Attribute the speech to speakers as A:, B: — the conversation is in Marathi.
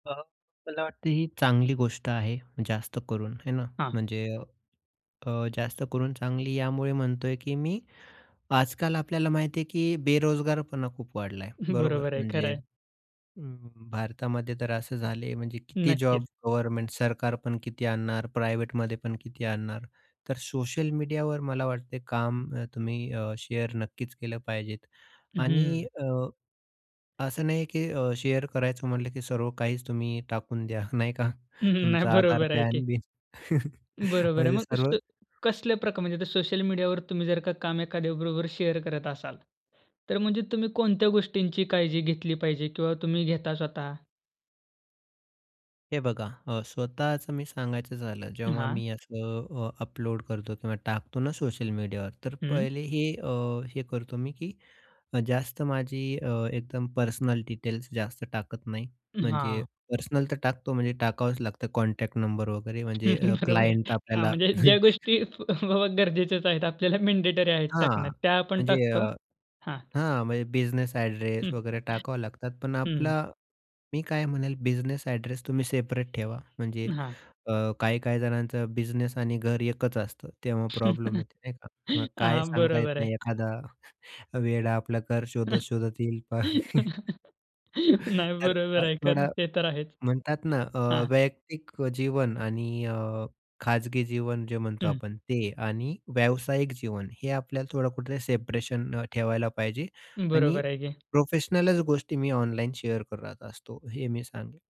A: अ, मला वाटतं ही चांगली गोष्ट आहे, जास्त करून आहे ना.
B: हां.
A: म्हणजे अ, जास्त करून चांगली अ, यामुळे म्हणतोय, की मी आजकाल आपल्याला माहिती आहे, की बेरोजगारपणा खूप वाढला आहे. बरोबर?
B: बरोबर आहे, खर
A: म्हणजे,
B: आहे.
A: अं, भारतामध्ये तर असं झालं आहे, म्हणजे किती जॉब
B: नक्कीच.
A: गव्हर्नमेंट, सरकारपण किती आणणार, प्रायव्हेटमध्ये पण किती आणणार? तर सोशल मीडियावर मला वाटतं, काम अ, तुम्ही शेअर नक्कीच केलं पाहिजेत. आणि
B: हं.
A: अ, असं नाही, की अ, शेअर करायचं म्हटलं, की सर्व काहीच तुम्ही टाकून द्या नाही का.
B: नाही.
A: तुमचा आधार,
B: बरोबर आहे की.
A: पॅन-बीन.
B: बरोबर आहे.
A: म्हणजे
B: मग अस
A: सर्व
B: कसल्या प्रक म्हणजे सोशल मीडियावर तुम्ही जर का काम एखाद्याबरोबर शेअर करत असाल, तर म्हणजे तुम्ही कोणत्या गोष्टींची काळजी घेतली पाहिजे किंवा तुम्ही घेता स्वतः?
A: हे बघा. अ, स्वतःचं मी सांगायचं झालं, जेव्हा
B: हां.
A: मी असं अ, अपलोड करतो किंवा टाकतो ना, सोशल मीडियावर, तर
B: हं.
A: पहिले हे, अ, हे करतो मी, की जास्त माझी अ, एकदम पर्सनल डिटेल्स जास्त टाकत नाही. म्हणजे
B: हां.
A: पर्सनल तर टाकतो. म्हणजे टाकावंच लागतं. कॉन्टॅक्ट नंबर वगैरे. म्हणजे
B: बरोबर
A: क्लायंट
B: आहे. हां,
A: आपल्याला
B: म्हणजे ज्या गोष्टी फ हो, हो गरजेच्याच आहेत, आपल्याला मँडेटरी आहेत, टाकन्यात.
A: हां.
B: त्या आपण
A: म्हणजे, अ
B: टाकतो हां.
A: हां, म्हणजे बिझनेस अ‍ॅड्रेस
B: हं.
A: वगैरे टाकावं लागतात. पण
B: हं.
A: आपला मी काय म्हणेल, बिझनेस अ‍ॅड्रेस तुम्ही सेपरेट ठेवा. म्हणजे
B: हां.
A: अ, काही-काही जणांचं बिझनेस आणि घर एकच असतं, तेव्हा प्रॉब्लेम येते, नाही का. मग काय
B: हां.
A: सांगता येत
B: बरोबर आहे.
A: नाही एखादा वेडा आपलं घर शोधत-शोधत येईल.
B: नाही,
A: तर, अ,
B: बरोबर आहे. खरंय.
A: थोडं,
B: ते तर आहेच.
A: म्हणतात ना अ,
B: हां.
A: वैयक्तिक जीवन आणि अ, खाजगी जीवन जे म्हणतो
B: हं.
A: आपण, ते आणि व्यावसायिक जीवन, हे आपल्याला थोडं कुठे सेपरेशन ठेवायला पाहिजे. आणि
B: बरोबर आहे की.
A: प्रोफेशनल गोष्टी मी ऑनलाईन शेअर करत असतो. हे मी सांगेल.